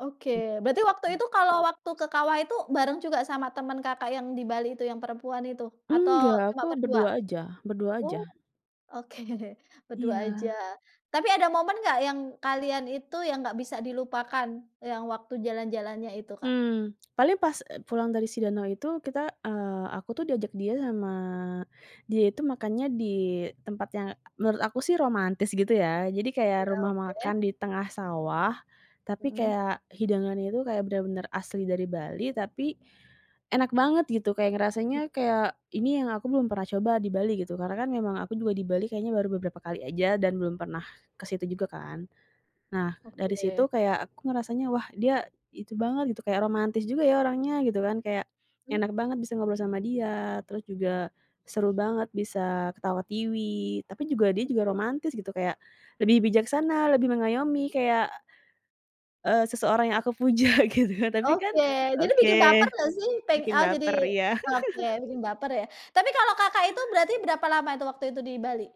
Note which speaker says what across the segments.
Speaker 1: Oke, berarti waktu itu kalau waktu ke kawah itu bareng juga sama temen Kakak yang di Bali itu yang perempuan itu, atau
Speaker 2: Nggak,
Speaker 1: cuma
Speaker 2: aku
Speaker 1: berdua?
Speaker 2: berdua aja, berdua aja.
Speaker 1: Oh, oke berdua aja,
Speaker 2: Iya.
Speaker 1: tapi ada momen nggak yang kalian itu yang nggak bisa dilupakan yang waktu jalan-jalannya itu, Kak?
Speaker 2: Mmm, paling pas e pulang dari si danau itu kita, eee, aku tuh diajak dia sama dia itu makannya di tempat yang menurut aku sih romantis, gitu ya. Jadi kayak
Speaker 1: Ya,
Speaker 2: rumah
Speaker 1: oke.
Speaker 2: makan di tengah sawah tapi
Speaker 1: Heeh.
Speaker 2: kayak hidangannya tuh kayak bener-bener asli dari Bali, tapi enak banget gitu, kayak ngerasanya, kayak ini yang aku belum pernah coba di Bali, gitu. Karena kan memang aku juga di Bali kayaknya baru beberapa kali aja dan belum pernah ke situ juga, kan. Nah, dari situ
Speaker 1: Oke.
Speaker 2: kayak aku ngerasanya, wah, dia itu banget gitu, kayak romantis juga ya orangnya, gitu kan, kayak
Speaker 1: Hmm.
Speaker 2: enak banget bisa ngobrol sama dia terus juga seru banget bisa ketawa-tiwi, tapi juga dia juga
Speaker 1: Oke.
Speaker 2: romantis gitu, kayak lebih bijaksana, lebih mengayomi kayak, eee, seseorang yang aku puja, gitu. Tapi kan
Speaker 1: Oke, jadi bikin baper
Speaker 2: oke,
Speaker 1: nggak, sih? Peng
Speaker 2: bikin
Speaker 1: ah, oke, jadi
Speaker 2: baper, iya.
Speaker 1: bikin baper, ya. Tapi kalau Kakak itu berarti berapa lama itu waktu itu di Bali?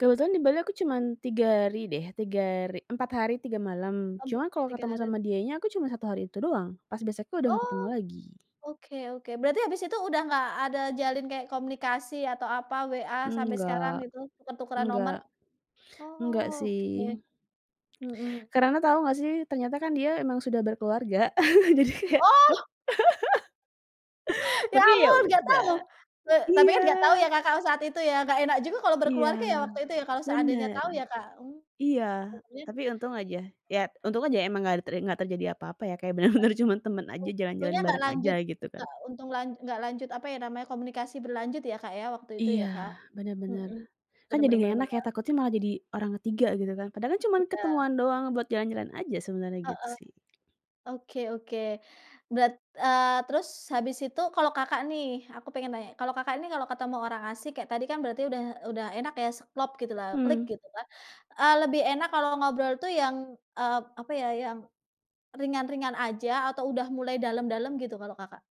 Speaker 2: Kebetulan di Bali aku cuman 3 hari deh, 3 hari, 4 hari 3 malam,
Speaker 1: Oh,
Speaker 2: cuman kalau
Speaker 1: 3
Speaker 2: ketemu
Speaker 1: harian.
Speaker 2: sama dianya aku cuman 1 hari itu doang, pas besoknya udah gak
Speaker 1: Oh,
Speaker 2: ketemu lagi.
Speaker 1: oke, oke, berarti habis itu udah nggak ada jalin kayak komunikasi atau apa, WA sampai sekarang
Speaker 2: Enggak.
Speaker 1: itu tuker-tukeran nomor?
Speaker 2: Enggak.
Speaker 1: Oh,
Speaker 2: Enggak, sih.
Speaker 1: oke. Mhm.
Speaker 2: Karena tau nggak sih, ternyata kan dia emang sudah berkeluarga, jadi kayak
Speaker 1: Oh. Ya,
Speaker 2: Tapi, ya
Speaker 1: ampun, nggak
Speaker 2: udah.
Speaker 1: tahu? Ta tapi
Speaker 2: Iya.
Speaker 1: kan nggak tahu ya, Kakak saat itu ya, nggak enak juga kalau
Speaker 2: Iya,
Speaker 1: berkeluarga ya, waktu itu, ya. Kalau seandainya
Speaker 2: bener.
Speaker 1: tahu ya, Kak.
Speaker 2: Iya, tapi untung aja, ya untung aja emang nggak a nggak terjadi apa-apa ya, kayak bener-bener cuman temen aja, jalan-jalan
Speaker 1: Untungnya nggak
Speaker 2: bareng aja,
Speaker 1: lanjut
Speaker 2: gitu kan.
Speaker 1: nggak untung lan nggak lanjut, apa ya, namanya, komunikasi berlanjut ya, Kak, ya, waktu itu ya,
Speaker 2: Iya,
Speaker 1: Kak.
Speaker 2: bener bener,
Speaker 1: Heeh.
Speaker 2: kan
Speaker 1: Bener bener
Speaker 2: jadinya
Speaker 1: bener
Speaker 2: enak ya,
Speaker 1: bener.
Speaker 2: takutnya malah jadi orang ke-3 gitu kan, padahal kan cuman
Speaker 1: Tidak.
Speaker 2: ketemuan doang buat jalan-jalan aja sebenarnya, gitu,
Speaker 1: Heeh.
Speaker 2: sih.
Speaker 1: Oke, oke, berat eee, terus habis itu kalau kakak, nih, aku pengen nanya, kalau Kakak ini kalau ketemu orang asyik kayak tadi, kan berarti udah udah enak ya, klop gitulah, klik
Speaker 2: Hmm.
Speaker 1: gitu kan, eee, lebih enak kalau ngobrol tuh yang, eee, apa ya, yang ringan-ringan aja atau udah mulai dalam-dalam gitu kalau Kakak?